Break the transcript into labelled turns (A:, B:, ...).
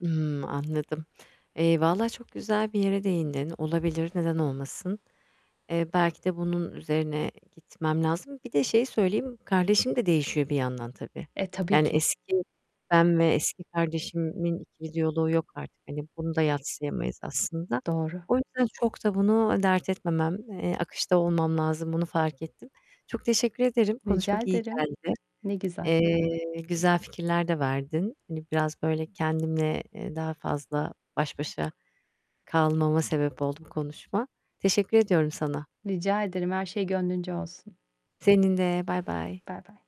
A: Imm, anladım. Eee, valla çok güzel bir yere değindin, olabilir neden olmasın. Eee, belki de bunun üzerine gitmem lazım. Bir de şeyi söyleyeyim; kardeşim de değişiyor bir yandan tabii,
B: E, tabii
A: yani,
B: ki.
A: eski ben ve eski kardeşimin ikili diyaloğu yok artık, hani, bunu da yadsıyamayız aslında.
B: Doğru.
A: O yüzden çok da bunu dert etmemem, eee, akışta olmam lazım, bunu fark ettim. Çok teşekkür ederim,
B: Rica
A: konuşmak iyi
B: ederim.
A: geldi.
B: Ne güzel.
A: Eee, güzel fikirler de verdin, hani, biraz böyle kendimle, eee, daha fazla baş başa kalmama sebep oldu bu konuşma. Teşekkür ediyorum sana.
B: Rica ederim, her şey gönlünce olsun.
A: Senin de. Baybay.
B: Baybay.